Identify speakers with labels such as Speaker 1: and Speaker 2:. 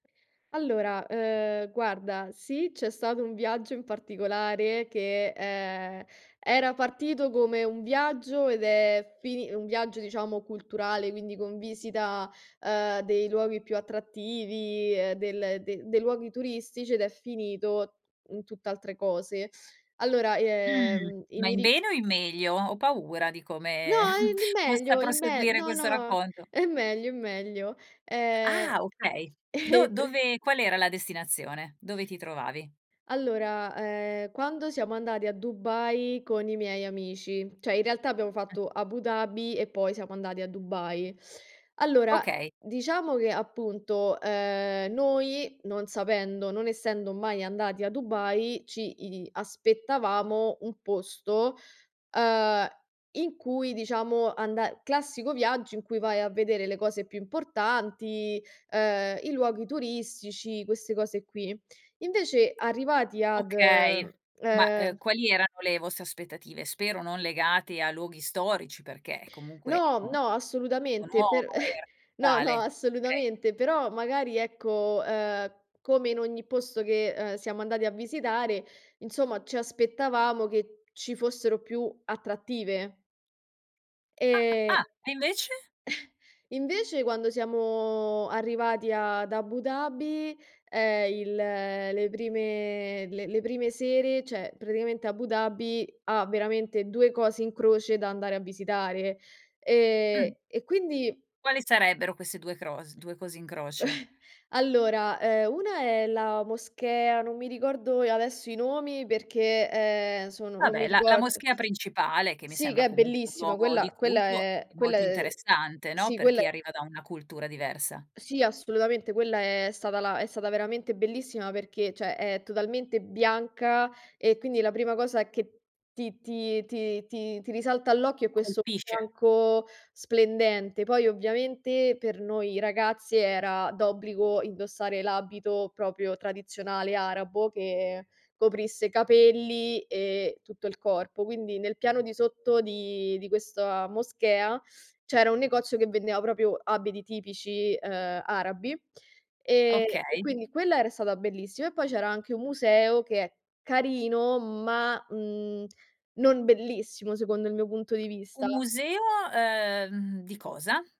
Speaker 1: Allora, ehm, guarda sì, c'è stato un viaggio in particolare che, ehm, era partito come un viaggio ed è fini un viaggio diciamo culturale, quindi con visita, ehm, dei luoghi più attrattivi, ehm, del dei luoghi turistici ed è finito in tutt'altre cose. Allora,
Speaker 2: Mhmm.
Speaker 1: ehm i
Speaker 2: Ma
Speaker 1: mi
Speaker 2: in
Speaker 1: ri
Speaker 2: bene o in meglio? Ho paura di
Speaker 1: No,
Speaker 2: come
Speaker 1: i in
Speaker 2: possa
Speaker 1: meglio in me
Speaker 2: proseguire
Speaker 1: no,
Speaker 2: questo
Speaker 1: no,
Speaker 2: racconto.
Speaker 1: in meglio, in meglio. Ehm,
Speaker 2: Ah, okay. Do
Speaker 1: pr
Speaker 2: dove qual era la destinazione? Dove ti trovavi?
Speaker 1: Allora, ehm, quando siamo andati a Dubai con i miei amici, cioè in realtà abbiamo
Speaker 2: Mh.
Speaker 1: fatto Abu Dhabi e poi siamo andati a Dubai. Allora,
Speaker 2: Okay.
Speaker 1: diciamo che, appunto, ehm, noi, non sapendo, non essendo mai andati a Dubai, ci i aspettavamo un posto, ehm, in cui, diciamo, anda classico viaggio in cui vai a vedere le cose più importanti, ehm, i luoghi turistici, queste cose qui. Invece, arrivati ad,
Speaker 2: Okay, ma,
Speaker 1: ehm
Speaker 2: ehm, quali erano le vostre aspettative? Spero non legate a luoghi storici perché comunque
Speaker 1: No, no,
Speaker 2: [unintelligible] e
Speaker 1: assolutamente. Per no, no,
Speaker 2: radicale, okay.
Speaker 1: assolutamente. Però magari, ecco, ehm, come in ogni posto che, ehm, siamo andati a visitare, insomma, ci aspettavamo che ci fossero più attrattive. E
Speaker 2: Ah, ah! E invece?
Speaker 1: invece, quando siamo arrivati ad Abu Dhabi, ehm, il le prime le le prime sere, cioè praticamente Abu Dhabi ha veramente 2 cose in croce da andare a visitare.
Speaker 2: Mh.
Speaker 1: E e quindi
Speaker 2: Quali sarebbero queste 2 cros 2 cose in croce?
Speaker 1: Allora, ehm, una è la moschea, non mi ricordo adesso i nomi perché, ehm, sono non
Speaker 2: Vabbè
Speaker 1: mi
Speaker 2: la la
Speaker 1: ricordo.
Speaker 2: moschea principale che mi
Speaker 1: Sì,
Speaker 2: sembra
Speaker 1: che è
Speaker 2: comunque un
Speaker 1: bellissima.
Speaker 2: luogo di
Speaker 1: Quella quella
Speaker 2: culto
Speaker 1: è
Speaker 2: è
Speaker 1: quella
Speaker 2: molto
Speaker 1: è
Speaker 2: interessante, no,
Speaker 1: sì
Speaker 2: per
Speaker 1: quella
Speaker 2: chi
Speaker 1: è
Speaker 2: arriva da una cultura diversa.
Speaker 1: Sì, assolutamente. Quella è stata la è stata veramente bellissima perché, cioè è totalmente bianca e quindi la prima cosa che ti ti ti ti ti risalta all'occhio è questo
Speaker 2: Colpisce.
Speaker 1: bianco splendente. Poi, ovviamente per noi ragazze era d'obbligo indossare l'abito proprio tradizionale arabo che coprisse capelli e tutto il corpo. Quindi nel piano di sotto di di questa moschea c'era un negozio che vendeva proprio abiti tipici, ehm, arabi e
Speaker 2: Okay.
Speaker 1: quindi quella era stata bellissima e poi c'era anche un museo che è carino ma, mhmm, non bellissimo secondo il mio punto di
Speaker 2: Un
Speaker 1: vista.
Speaker 2: museo, ehm, di cosa?